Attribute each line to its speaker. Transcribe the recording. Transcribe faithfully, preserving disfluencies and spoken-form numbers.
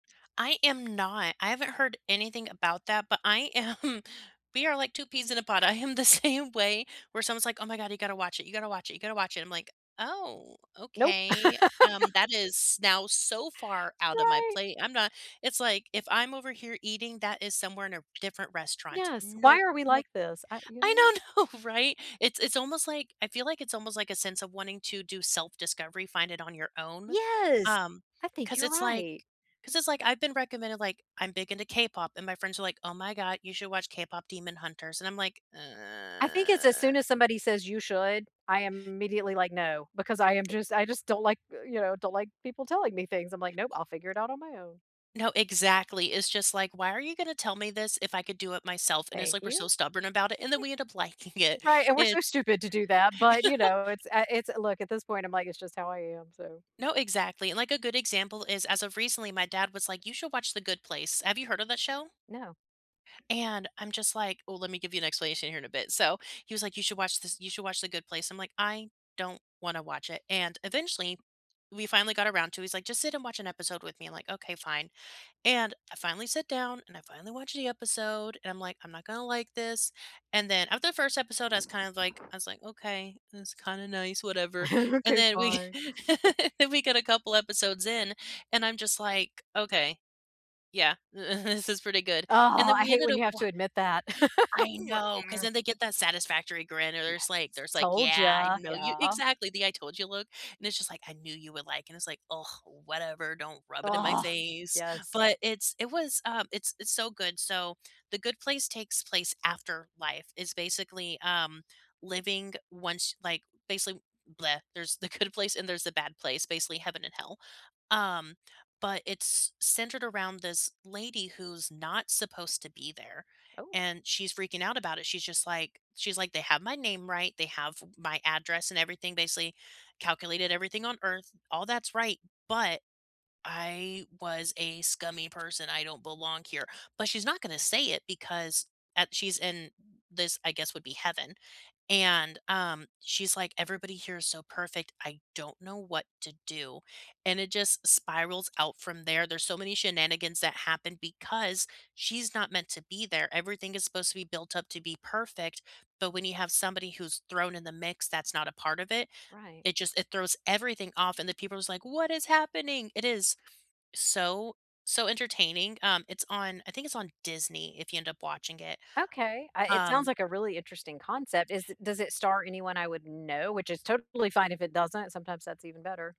Speaker 1: I am not. I haven't heard anything about that, but I am we are like two peas in a pod, I am the same way where someone's like, "Oh my god, you gotta watch it, you gotta watch it, you gotta watch it." I'm like, "Oh,
Speaker 2: Nope.
Speaker 1: okay." Um, that is now so far out of my
Speaker 2: Right!
Speaker 1: plate. I'm not It's like, "If I'm over here eating, that is somewhere r in a different restaurant.
Speaker 2: Yes, why
Speaker 1: Nope,
Speaker 2: are we like
Speaker 1: nope."
Speaker 2: this? I you know
Speaker 1: I know, no, right? It's it's almost like I feel like it's almost like a sense of wanting to do self discovery, find it on your own,
Speaker 2: Yes.
Speaker 1: um,
Speaker 2: I think
Speaker 1: 'cause
Speaker 2: you're
Speaker 1: it's like
Speaker 2: right.
Speaker 1: 'cause it's like, I've been recommended, like I'm big into K-pop, and my friends are like, "Oh my god, you should watch KPop Demon Hunters." And I'm like,
Speaker 2: I think it's as soon as somebody says you should, I immediately, like, "No," because I am
Speaker 1: It
Speaker 2: just I just don't like, uh you know, don't like people telling me things. I'm like, "Nope, I'll figure it out on my own."
Speaker 1: No, exactly. It's just like, "Why are you gonna tell me this if I could do it myself?" And it's
Speaker 2: Thank
Speaker 1: like we're
Speaker 2: you.
Speaker 1: so stubborn about it and, then
Speaker 2: Like
Speaker 1: we end up liking it,
Speaker 2: Right, and we're
Speaker 1: and
Speaker 2: so stupid to do that, but, you know, it's uh, it's look, at this point, I'm like, it's just how I am, so
Speaker 1: No, exactly, and, like, a good example is, as of recently, my dad was like, "You should watch The Good Place." Have you heard of that show?
Speaker 2: No.
Speaker 1: And I'm just like ooh, let me give you an explanation here in a bit. So, he was like, "You should watch this you should watch The Good Place." I'm like, "I don't wanna watch it." And eventually, we finally got around to it, he's like, "Just sit and watch an episode with me." I'm like, "Okay, fine." And I finally sit down, and I finally watched the episode, and I'm like, "I'm not gonna like this." And then after the first episode, I was kind of like I was like, "Okay this kinda nice, whatever." And
Speaker 2: "Okay.
Speaker 1: then we
Speaker 2: Fine."
Speaker 1: we get a couple episodes in, and I'm just like, "Okay, yeah. This is pretty good." And
Speaker 2: Oh,
Speaker 1: then
Speaker 2: I
Speaker 1: we
Speaker 2: hate
Speaker 1: ended
Speaker 2: when
Speaker 1: up
Speaker 2: you have
Speaker 1: wa
Speaker 2: to admit that. I
Speaker 1: I
Speaker 2: was like
Speaker 1: know 'cause then they get that satisfactory grin, and there's
Speaker 2: Yes.
Speaker 1: like there's like,
Speaker 2: "Told
Speaker 1: "Yeah, I
Speaker 2: ya."
Speaker 1: know you"
Speaker 2: Yeah.
Speaker 1: Exactly! The I told you look, and it's just like, "I knew you would like it." And it's like, "Ugh, whatever don't rub it in my
Speaker 2: Ugh.
Speaker 1: face."
Speaker 2: Yes.
Speaker 1: But it's it was um, it's it's so good. So, The Good Place takes place after life. It's basically, um, living once like, basically bleh, there's the good place and there's the bad place; basically, heaven and hell, um, but it's c centered around this lady who's not supposed to be there,
Speaker 2: Oh.
Speaker 1: and she's freaking out about it. She's just like she's like, "They have my name right. They have my address and everything basically, calculated everything on Earth. All that's right, but I was a scummy person. I don't belong here," but she's not gonna say it because, uh, she's in this, I guess, would be heaven. And, um, she's like, "Everybody here is so perfect. I don't know what to do." And it just spirals out from there. There's so many shenanigans that happen because she's not meant to be there. Everything is supposed to be built up to be perfect, but when you have somebody who's thrown in the mix that's not a part of it,
Speaker 2: Right.
Speaker 1: it just it throws everything off, and the people are just like, "What is happening?" It is so, so entertaining. Um, it's on I think it's on Disney if you end up watching it,
Speaker 2: Okay, I it sounds
Speaker 1: um
Speaker 2: like a really interesting concept is does it star anyone I would know? Which is totally fine if it doesn't, sometimes that's even better.